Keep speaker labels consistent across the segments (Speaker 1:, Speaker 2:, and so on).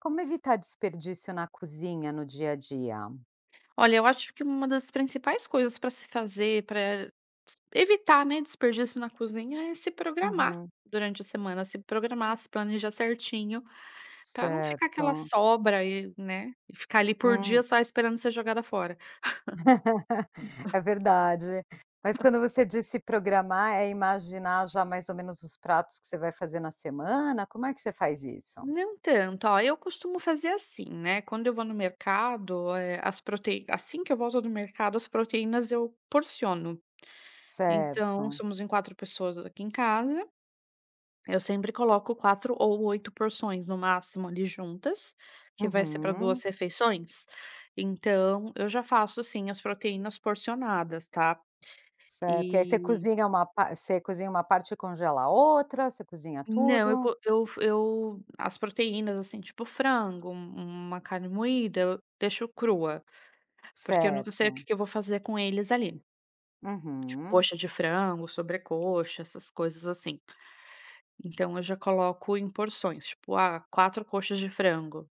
Speaker 1: Como evitar desperdício na cozinha, no dia a dia?
Speaker 2: Olha, eu acho que uma das principais coisas pra se fazer pra s evitar, né, desperdício na cozinha é se programar,
Speaker 1: Uhum.
Speaker 2: durante a semana. Se programar, se planejar certinho pra não ficar aquela
Speaker 1: Certo.
Speaker 2: sobra aí né. E ficar ali por
Speaker 1: Hum.
Speaker 2: dias só esperando ser jogada fora.
Speaker 1: É verdade. Mas quando você diz se programar é imaginar já mais ou menos os pratos que você vai fazer na semana? Como é que você faz isso?
Speaker 2: Não tanto. Ó, eu costumo fazer assim, né. Quando eu vou no mercado, eh, as proteí assim que eu volto do mercado, as proteínas, eu porciono. Então
Speaker 1: Certo.
Speaker 2: somos em 4 pessoas aqui em casa. Eu sempre coloco 4 ou 8 porções, no máximo, ali juntas, que vai ser pra 2
Speaker 1: Uhum.
Speaker 2: refeições. Então, eu já faço assim, as proteínas porcionadas, tá.
Speaker 1: Certo. E aí você
Speaker 2: E
Speaker 1: cozinha uma pa você cozinha uma parte e congela a outra você cozinha
Speaker 2: Não. Eu
Speaker 1: tudo?
Speaker 2: co eu fo eu as proteínas, assim, tipo frango, um uma carne moída eu deixo crua. Porque eu nunca sei o
Speaker 1: Certo.
Speaker 2: que que eu vou fazer com eles ali.
Speaker 1: Uhum.
Speaker 2: Coxa de frango, sobrecoxa, essas coisas assim. Então eu já coloco em porções. Tipo, ah, 4 coxas de frango.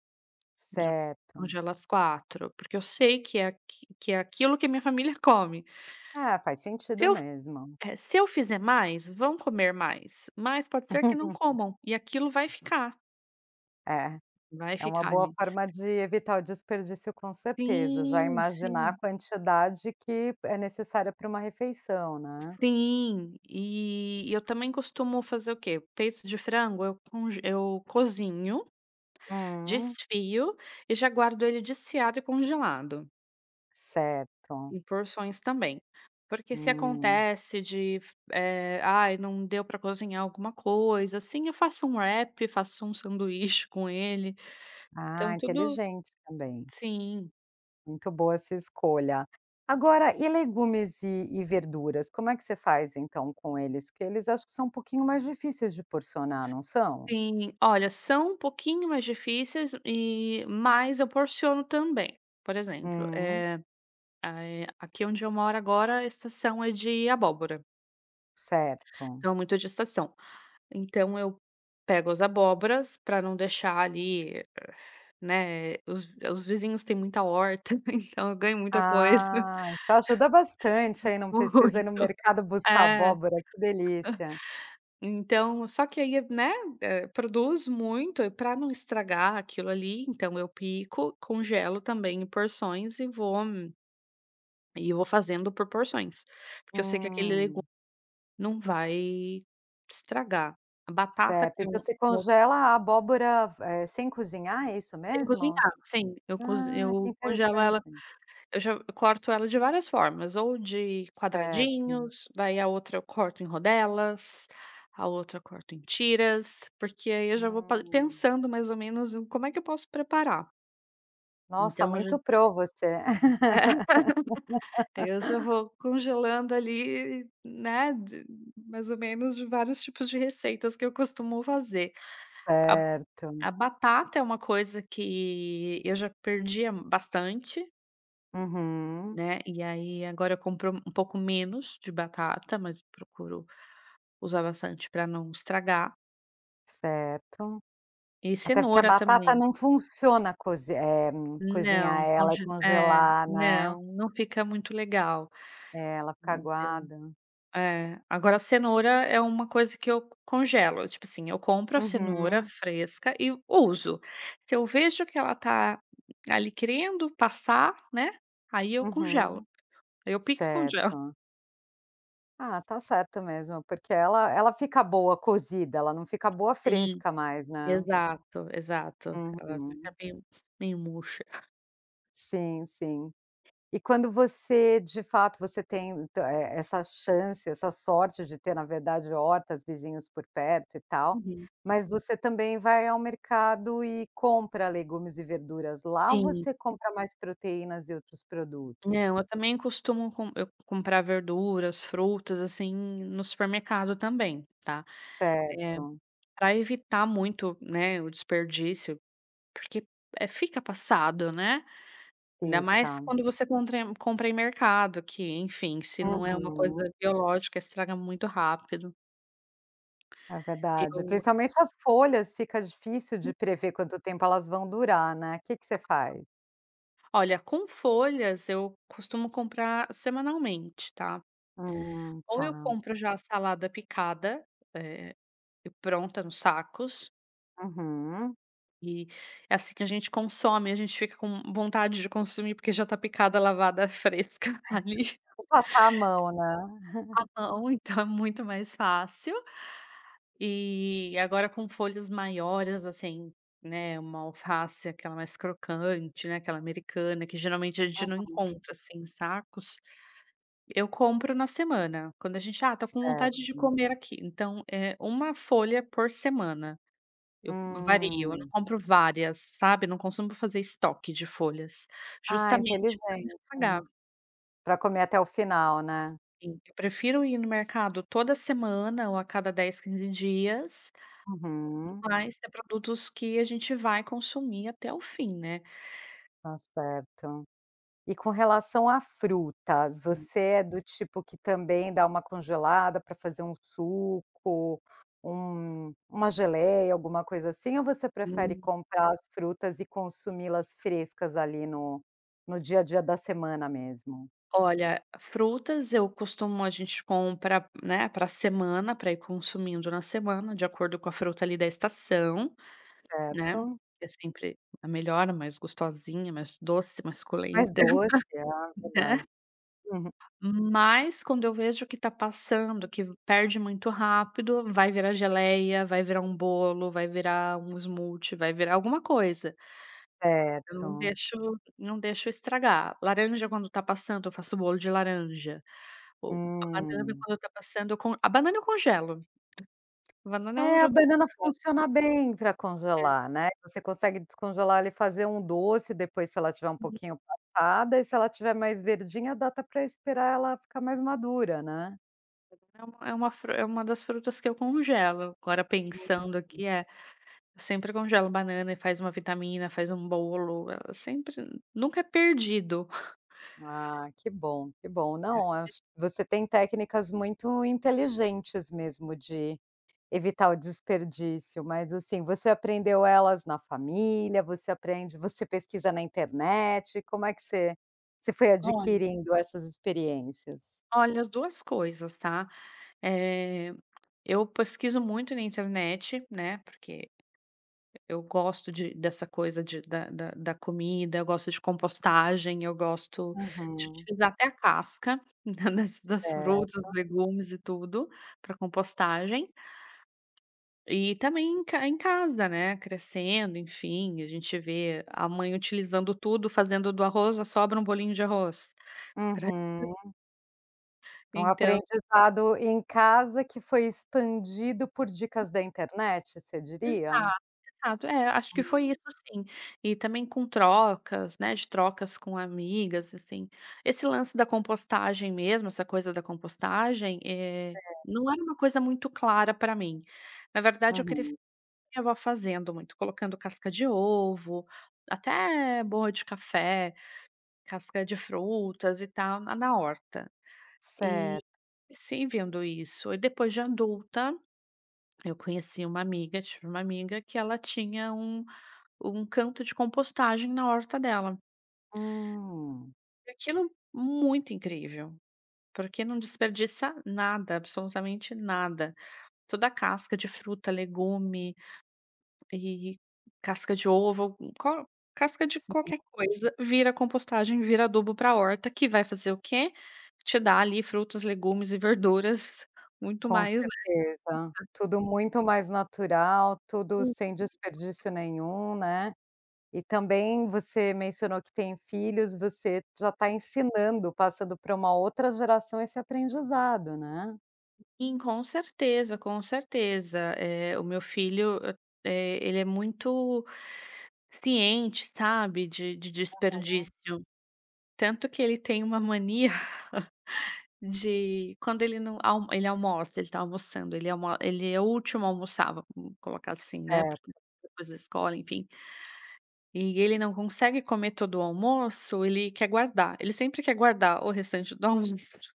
Speaker 2: Já
Speaker 1: Certo.
Speaker 2: congelo as 4. Porque eu sei que é aqu que é aquilo que a minha família come.
Speaker 1: Ah, faz
Speaker 2: Se
Speaker 1: sentido
Speaker 2: eu f
Speaker 1: mesmo.
Speaker 2: eh, se eu fizer mais, vão comer mais. Mas, pode ser que não comam e aquilo vai ficar.
Speaker 1: É.
Speaker 2: Vai
Speaker 1: É uma
Speaker 2: ficar
Speaker 1: boa
Speaker 2: ali.
Speaker 1: forma de evitar o desperdício, com certeza. Já
Speaker 2: Sim,
Speaker 1: imaginar a
Speaker 2: sim.
Speaker 1: quantidade que p é necessária pra uma refeição, né?
Speaker 2: Sim. E e eu também costumo fazer o quê? Peitos de frango, eu conge eu cozinho,
Speaker 1: Hum.
Speaker 2: desfio, e já guardo ele desfiado e congelado.
Speaker 1: Certo.
Speaker 2: Em porções também. Porque se
Speaker 1: Hum.
Speaker 2: acontece de, eh, "Ai não deu pra cozinhar alguma coisa assim" eu faço um wrap, faço um sanduíche com ele,
Speaker 1: Ah,
Speaker 2: então tudo
Speaker 1: inteligente também.
Speaker 2: sim.
Speaker 1: Muito boa essa escolha, agora e legumes e e verduras como é que você faz, então com eles, que eles acho que são um pouquinho mais difíceis de porcionar,
Speaker 2: S
Speaker 1: não são?
Speaker 2: sim olha, são um pouquinho mais difíceis e mas eu porciono também. Por exemplo,
Speaker 1: Hum.
Speaker 2: eh a eh, aqui onde eu moro agora a estação é de abóbora.
Speaker 1: Certo.
Speaker 2: Então muito é de estação. Então eu, pego as abóboras, pra não deixar ali, eh, né, os os vizinhos têm muita horta, então eu ganho muita coisa.
Speaker 1: Ah, te ajuda bastante,
Speaker 2: E
Speaker 1: aí não precisa ir no
Speaker 2: muito
Speaker 1: mercado buscar
Speaker 2: É,
Speaker 1: abóbora que delícia.
Speaker 2: Então só que aí né, produz muito e pra não estragar aquilo ali, então eu pico, congelo também em porções e vou e vou fazendo por porções. Porque eu sei que aquele legu
Speaker 1: Hum.
Speaker 2: não vai estragar. A batata
Speaker 1: Certo
Speaker 2: que
Speaker 1: então
Speaker 2: eu
Speaker 1: você
Speaker 2: que eu
Speaker 1: congela a abóbora ve eh, sem cozinhar é isso
Speaker 2: Sem
Speaker 1: mesmo?
Speaker 2: cozinhar, sim, eu cozi
Speaker 1: Ah que
Speaker 2: eu congelo
Speaker 1: interessante.
Speaker 2: ela eu já eu corto ela de várias formas, ou de
Speaker 1: Certo.
Speaker 2: quadradinhos, daí a outra eu corto em rodelas, a outra eu corto em tiras, porque aí eu já vou pa
Speaker 1: Hum.
Speaker 2: pensando mais ou menos em como é que eu posso preparar.
Speaker 1: Nossa,
Speaker 2: Então eu já
Speaker 1: muito pro você.
Speaker 2: daí eu já vou congelando ali, né, de mais ou menos de vários tipos de receitas que eu costumo fazer. A b
Speaker 1: Certo.
Speaker 2: a batata é uma coisa que eu já perdia bastante
Speaker 1: Uhum.
Speaker 2: né. E aí agora eu compro um pouco menos de batata, mas procuro usar bastante pra não estragar.
Speaker 1: Certo.
Speaker 2: E
Speaker 1: Até porque a
Speaker 2: cenoura
Speaker 1: batata
Speaker 2: também.
Speaker 1: não funciona cozi eh, cozinhar
Speaker 2: Não,
Speaker 1: ela e
Speaker 2: conge é,
Speaker 1: congelar, né.
Speaker 2: não, não fica muito legal.
Speaker 1: É ela ficar
Speaker 2: Então,
Speaker 1: aguada.
Speaker 2: é. Agora cenoura é uma coisa que eu congelo, tipo assim, eu compro a cenoura
Speaker 1: Uhum.
Speaker 2: fresca e uso. Se eu vejo que ela tá, ali querendo passar né, aí eu congelo.
Speaker 1: Uhum.
Speaker 2: Aí eu pico e congelo.
Speaker 1: Certo. Ah, tá certo mesmo porque ela ela fica boa cozida, ela não fica boa
Speaker 2: Sim.
Speaker 1: fresca mais, né.
Speaker 2: Exato, exato ela fica
Speaker 1: Uhum.
Speaker 2: meio meio murcha.
Speaker 1: Sim, sim. E quando você de fato você tem é é essa chance, essa sorte de ter na verdade hortas, vizinhos por perto e tal,
Speaker 2: Uhum.
Speaker 1: mas você também vai ao mercado e compra legumes e verduras lá ou
Speaker 2: Sim.
Speaker 1: você compra mais proteínas e outros produtos?
Speaker 2: Não, eu também costumo com eu comprar verduras, frutas assim no supermercado também, tá. Eh,
Speaker 1: Certo.
Speaker 2: pra evitar muito, né, o desperdício, porque, eh, fica passado né. Ainda mais
Speaker 1: Fica.
Speaker 2: quando você contra compra em mercado que enfim, se não é uma
Speaker 1: Uhum.
Speaker 2: coisa biológica estraga muito rápido.
Speaker 1: É verdade,
Speaker 2: Eu
Speaker 1: principalmente as folhas, fica difícil de
Speaker 2: [unintelligible]
Speaker 1: prever quanto tempo elas vão durar, né, que que você
Speaker 2: [unintelligible]
Speaker 1: faz?
Speaker 2: Olha com folhas eu costumo comprar semanalmente tá.
Speaker 1: Hum,
Speaker 2: Ou eu
Speaker 1: tá.
Speaker 2: compro já a salada picada ,eh, e pronta nos sacos.
Speaker 1: Uhum.
Speaker 2: E, é assim que a gente consome e a gente fica com vontade de consumir, porque já tá picada, lavada, fresca ali.
Speaker 1: Já tá a mão, né.
Speaker 2: A mão, então, é muito mais fácil. E, agora com folhas maiores assim, né, uma alface, aquela mais crocante, né, aquela americana que geralmente a gente não
Speaker 1: Uhum.
Speaker 2: encontra assim em sacos, eu compro na semana. Quando a gente: ah, tô com vontade de
Speaker 1: Certo.
Speaker 2: comer aqui, então é uma folha por semana. Eu vario, eu não
Speaker 1: Hum.
Speaker 2: compro várias, sabe, não costumo fazer estoque de folhas,
Speaker 1: Ah, inteligente,
Speaker 2: justamente pra não
Speaker 1: né,
Speaker 2: estragar.
Speaker 1: pra comer até o final, né.
Speaker 2: Em eu prefiro ir no mercado toda semana ou a cada 10, 15 dias,
Speaker 1: Uhum.
Speaker 2: mas é produtos que a gente vai consumir até o fim, né.
Speaker 1: Tá certo, e com relação a frutas, você é do tipo que também dá uma congelada para fazer um suco, um uma geleia, alguma coisa assim, ou você prefere
Speaker 2: Hum.
Speaker 1: comprar as frutas e consumi-las frescas ali no no dia a dia da semana mesmo?
Speaker 2: Olha, frutas eu costumo a gente compra, né, pra semana, pra ir consumindo na semana de acordo com a fruta ali da estação, né,
Speaker 1: Certo.
Speaker 2: é sempre a melhor, a mais gostosinha, mais doce, mais suculenta,
Speaker 1: Mais doce, ah,
Speaker 2: né.
Speaker 1: verdade. Uhum.
Speaker 2: Mas, quando eu vejo que está passando, que perde muito rápido, vai virar geleia, vai virar um bolo, vai virar um smoothie, vai virar alguma coisa. Eu não
Speaker 1: Certo.
Speaker 2: deixo não deixo estragar. Laranja, quando tá passando, eu faço bolo de laranja, ou a banana,
Speaker 1: Hum.
Speaker 2: quando está passando, eu con a banana eu congelo. A banana é
Speaker 1: É, a banana
Speaker 2: [unintelligible]
Speaker 1: funciona bem pra
Speaker 2: É.
Speaker 1: congelar, né. Você consegue descongelar ali e fazer um doce depois se ela estiver um
Speaker 2: [unintelligible]
Speaker 1: pouquinho passada, e se ela estiver mais verdinha dá até pra esperar ela ficar mais madura, né.
Speaker 2: Então é uma fru é uma das frutas que eu congelo, agora
Speaker 1: Uhum.
Speaker 2: pensando aqui, é. Eu sempre congelo banana e faz uma vitamina, faz uma bolo, ela sempre nunca é perdido.
Speaker 1: Ah, que bom, que bom. Não,
Speaker 2: [unintelligible]
Speaker 1: ach você tem técnicas muito inteligentes, mesmo, de evitar o desperdício. Mas, assim, você aprendeu elas na família? Você aprende você pesquisa na internet, como é que você você foi
Speaker 2: Olha
Speaker 1: adquirindo essas experiências?
Speaker 2: Olha, as duas coisas, tá? Eh, eu pesquiso muito na internet, né, porque eu gosto de dessa coisa de da da da comida, eu gosto de compostagem, eu gosto de
Speaker 1: Uhum.
Speaker 2: utilizar até a casca da da das frutas, dos
Speaker 1: Certo.
Speaker 2: legumes e tudo, pra compostagem. E também em ca em casa, né, crescendo, enfim. A gente vê a mãe utilizando tudo, fazendo do arroz, a sobra, um bolinho de arroz pra [unintelligible]
Speaker 1: Uhum. Um
Speaker 2: Então
Speaker 1: aprendizado em casa que foi expandido por dicas da internet, você diria?
Speaker 2: Exato, exato. É, acho que
Speaker 1: Hum.
Speaker 2: foi isso sim. E também com trocas, né, de trocas com amigas, assim. Esse lance da compostagem mesmo, essa coisa da compostagem, eh,
Speaker 1: É.
Speaker 2: não era uma coisa muito clara pra mim. Na verdade eu cresci
Speaker 1: Uhum.
Speaker 2: minha vó fazendo muito, colocando casca de ovo, até borra de café, casca de frutas e tal, na na horta. E
Speaker 1: Certo.
Speaker 2: sim, vendo isso. E depois de adulta, eu conheci uma amiga, tive uma amiga, que ela tinha um um canto de compostagem na horta dela.
Speaker 1: Hum.
Speaker 2: E aquilo muito incrível. Porque não desperdiça nada, absolutamente nada. Toda casca de fruta, legume e casca de ovo, co casca de
Speaker 1: Sim.
Speaker 2: qualquer coisa, vira compostagem, vira adubo pra horta, que vai fazer o quê? Te dar, ali, frutas, legumes e verduras, muito
Speaker 1: Com
Speaker 2: mais, né,
Speaker 1: certeza. Tudo
Speaker 2: [unintelligible]
Speaker 1: muito mais natural, tudo sem
Speaker 2: [unintelligible]
Speaker 1: desperdício nenhum, né? E, também, você mencionou que tem filhos. Você já tá ensinando, passando pra uma outra geração esse aprendizado, né?
Speaker 2: Sim, com certeza, com certeza. Eh, o meu filho, eh, ele é muito ciente, sabe, de de
Speaker 1: Aham.
Speaker 2: desperdício. Tanto que ele tem uma mania, de quando ele não al ele almoça, ele tá almoçando ele almo ele é o último a almoçar, vamos colocar assim, né, porque
Speaker 1: Certo.
Speaker 2: depois da escola, enfim e ele não consegue comer todo o almoço, ele quer guardar. Ele sempre quer guardar o restante do almoço.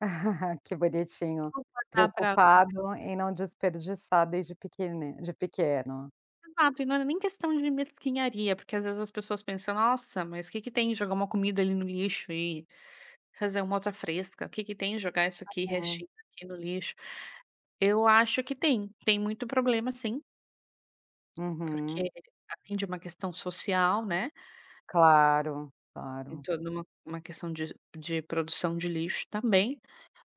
Speaker 1: Que bonitinho.
Speaker 2: Vou contar pra você.
Speaker 1: Preocupado em não desperdiçar desde pequene de pequeno.
Speaker 2: Exato. E não era nem questão de mesquinharia, porque, às vezes, as pessoas pensam: "Nossa, mas que que tem jogar uma comida ali no lixo e fazer uma outra fresca? Que que tem jogar isso aqui
Speaker 1: Uhum.
Speaker 2: restinho aqui no lixo?" Eu acho que tem. Tem muito problema, sim. Porque
Speaker 1: Uhum.
Speaker 2: atende uma questão social, né.
Speaker 1: Claro.
Speaker 2: Tem
Speaker 1: Claro.
Speaker 2: toda uma uma questão de de produção de lixo também.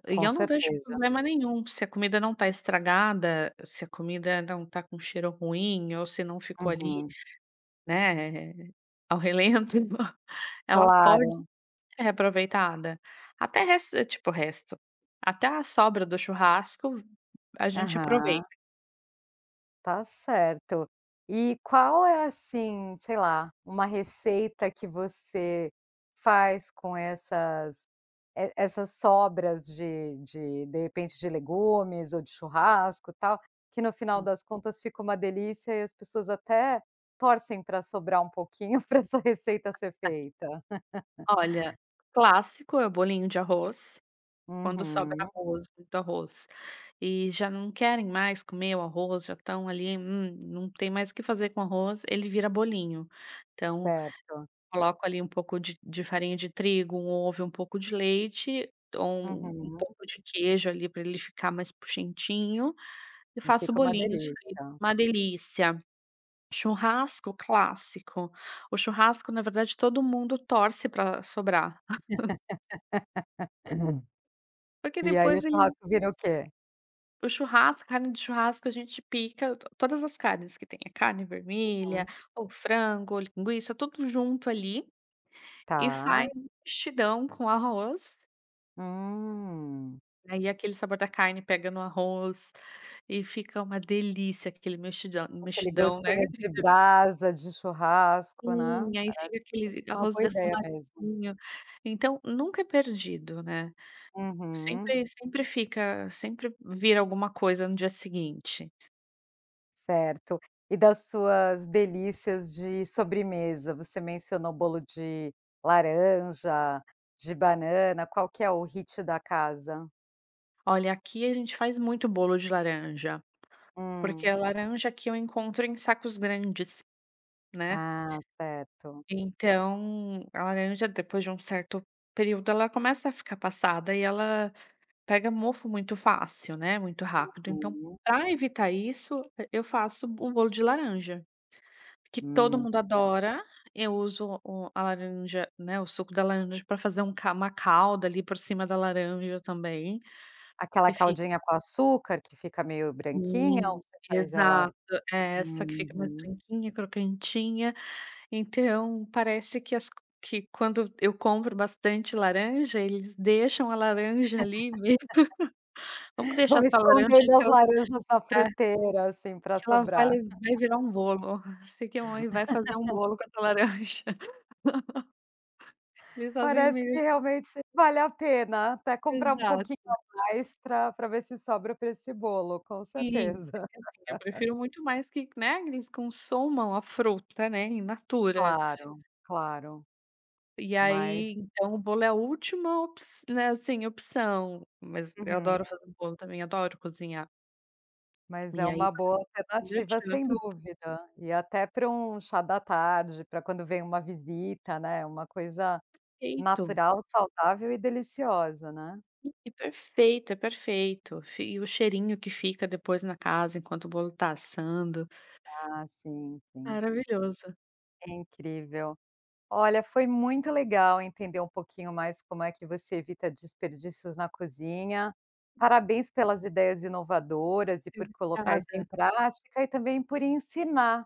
Speaker 2: E
Speaker 1: Com
Speaker 2: eu não vejo
Speaker 1: certeza.
Speaker 2: problema nenhum. Se a comida não tá estragada, se a comida não tá com cheiro ruim ou se não ficou ali,
Speaker 1: Uhum.
Speaker 2: né, ao relento, então, ela pode
Speaker 1: Claro!
Speaker 2: ser reaproveitada. Até resto eh, tipo, resto até a sobra do churrasco a gente
Speaker 1: Aham.
Speaker 2: aproveita.
Speaker 1: Tá certo. E qual é, assim, sei lá, uma receita que você faz com essas e essas sobras de de de repente de legumes ou de churrasco, tal, que no final
Speaker 2: Hum.
Speaker 1: das contas, fica uma delícia e as pessoas até torcem pra sobrar um pouquinho pra essa receita ser feita?
Speaker 2: Olha, clássico é o bolinho de arroz. Quando sobra
Speaker 1: Uhum.
Speaker 2: arroz, muito arroz, e já não querem mais comer o arroz, já estão ali hum, não tem mais o que fazer com o arroz, ele vira bolinho. Então,
Speaker 1: Certo.
Speaker 2: coloco ali um pouco de de farinha de trigo, um ovo e um pouco de leite, ou um um
Speaker 1: Uhum.
Speaker 2: pouco de queijo, ali, pra ele ficar mais puxentinho, e
Speaker 1: E
Speaker 2: faço
Speaker 1: fica uma
Speaker 2: bolinhos. Fica
Speaker 1: delícia?
Speaker 2: uma delícia. Churrasco, clássico. O churrasco, na verdade, todo mundo torce pra sobrar. Porque
Speaker 1: E aí o
Speaker 2: depois ele
Speaker 1: churrasco vira o quê?
Speaker 2: O churrasco carne de churrasco, a gente pica t todas as carnes que tem. Carne vermelha
Speaker 1: Uhum.
Speaker 2: ou frango ou linguiça, tudo junto ali, e faz
Speaker 1: Tá.
Speaker 2: um mexidão com arroz.
Speaker 1: Hum.
Speaker 2: Aí aquele sabor da carne pega no arroz e fica uma delícia aquele mexidão
Speaker 1: Aquele
Speaker 2: mexidão, né.
Speaker 1: gostinho de
Speaker 2: [unintelligible]
Speaker 1: brasa, de churrasco, né.
Speaker 2: Sim. Aí
Speaker 1: Parece
Speaker 2: fica
Speaker 1: que
Speaker 2: aquele v
Speaker 1: é uma
Speaker 2: arroz
Speaker 1: boa ideia mesmo.
Speaker 2: defumadinho. Então, nunca é perdido, né.
Speaker 1: Uhum.
Speaker 2: Sempre sempre fica sempre vira alguma coisa no dia seguinte.
Speaker 1: Certo. E das suas delícias de sobremesa, você mencionou bolo de laranja, de banana, qual que é o hit da casa?
Speaker 2: Olha, aqui a gente faz muito bolo de laranja. Porque
Speaker 1: Hum.
Speaker 2: a laranja aqui, eu encontro em sacos grandes, né.
Speaker 1: Ah, certo.
Speaker 2: Então, a laranja, depois de um certo período, ela começa a ficar passada, e ela pega mofo muito fácil, né, muito rápido. Então,
Speaker 1: Uhum.
Speaker 2: pra evitar isso, e eu faço o bolo de laranja, que todo
Speaker 1: Hum,
Speaker 2: mundo
Speaker 1: tá.
Speaker 2: adora. Eu uso o a laranja, né, o suco da laranja pra fazer um ca uma calda ali por cima da laranja também,
Speaker 1: Aquela
Speaker 2: que fi
Speaker 1: caldinha com açúcar, que fica meio branquinha? Ou
Speaker 2: Sim,
Speaker 1: você faz ela
Speaker 2: exato. É essa que fica mais
Speaker 1: uhum.
Speaker 2: branquinha, crocantinha. Então parece que as que quando eu compro bastante laranja, eles deixam a laranja ali me "Vamos deixar
Speaker 1: "Vou
Speaker 2: essa laranja
Speaker 1: esconder minhas
Speaker 2: que eu"
Speaker 1: laranjas na
Speaker 2: é.
Speaker 1: fruteira, assim, pra
Speaker 2: "que ela vai
Speaker 1: sobrar."
Speaker 2: vai virar um bolo. Ó, eu sei que a mãe vai fazer um bolo com essa laranja". Eles fazem
Speaker 1: Parece que
Speaker 2: me
Speaker 1: realmente vale a pena, até comprar um pouquinho
Speaker 2: Exato.
Speaker 1: a mais pra pra ver se sobra para esse bolo, com
Speaker 2: Sim.
Speaker 1: certeza.
Speaker 2: Porque, assim, eu prefiro muito mais que né, eles consumam a fruta, né, in natura.
Speaker 1: Claro, claro.
Speaker 2: E
Speaker 1: Mas
Speaker 2: aí, então o bolo é a última opç né, assim, opção. Mas eu
Speaker 1: Uhum.
Speaker 2: adoro fazer bolo também, adoro cozinhar.
Speaker 1: Mas é
Speaker 2: E
Speaker 1: uma
Speaker 2: aí
Speaker 1: boa alternativa, sem
Speaker 2: [unintelligible]
Speaker 1: dúvida. E até pra um chá da tarde, pra quando vem uma visita, né, uma coisa
Speaker 2: Perfeito.
Speaker 1: natural, saudável e deliciosa, né.
Speaker 2: Hum, que perfeito, é perfeito. Fi e o cheirinho que fica depois na casa, enquanto o bolo tá assando.
Speaker 1: Ah, sim, sim.
Speaker 2: Maravilhoso.
Speaker 1: Incrível. Olha, foi muito legal entender um pouquinho mais como é que você evita desperdícios na cozinha. Parabéns pelas ideias inovadoras e por colocar isso em
Speaker 2: Obrigada.
Speaker 1: prática, e também por ensinar,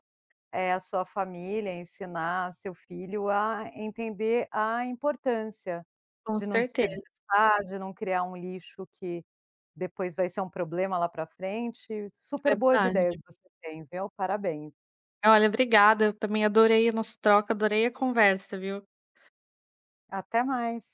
Speaker 1: eh, a sua família, ensinar seu filho a entender a importância
Speaker 2: Com
Speaker 1: de não
Speaker 2: certeza.
Speaker 1: desperdiçar, de não criar um lixo que depois vai ser um problema lá para frente. Super boas ideias
Speaker 2: Verdade.
Speaker 1: você tem, viu, parabéns.
Speaker 2: Olha, obrigada. Eu também adorei a nossa troca, adorei a conversa, viu.
Speaker 1: Até mais.